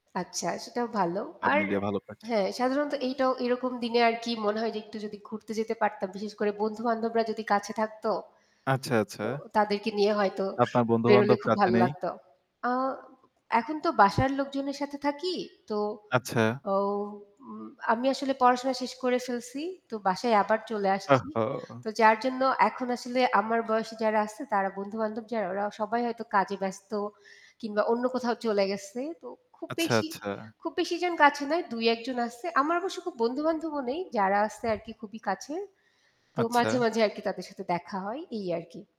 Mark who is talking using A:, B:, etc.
A: আচ্ছা সেটাও ভালো।
B: সব
A: আর
B: মিলিয়ে ভালো করছে।
A: হ্যাঁ সাধারণত এইটাও এরকম দিনে আর কি মনে হয় যে একটু যদি ঘুরতে যেতে পারতাম। বিশেষ করে বন্ধু বান্ধবরা যদি কাছে থাকত।
B: আচ্ছা,
A: তো
B: আচ্ছা।
A: তাদেরকে নিয়ে হয়তো
B: আপনার
A: বেরোলে
B: বন্ধু-বান্ধব
A: খুব
B: কাছে
A: ভালো
B: নেই?
A: লাগতো। আ এখন তো বাসার লোকজনের সাথে থাকি তো
B: আচ্ছা।
A: আও উম আমি আসলে পড়াশোনা শেষ করে ফেলছি। তো বাসায় আবার চলে
B: ওহ,
A: আসছি।
B: হো।
A: তো যার জন্য এখন আসলে আমার বয়সে যারা আসছে তারা বন্ধু-বান্ধব যারা ওরা সবাই হয়তো কাজে ব্যস্ত কিংবা অন্য কোথাও চলে গেছে। তো খুব
B: আচ্ছা,
A: বেশি
B: আচ্ছা।
A: খুব বেশি জন কাছে নয় ২-১ জন আসছে। আমার অবশ্য খুব বন্ধু-বান্ধবও নেই যারা আসছে আর কি খুবই কাছে তো মাঝে,
B: আচ্ছা।
A: মাঝে, আরকি তাদের সাথে দেখা হয় এই আরকি।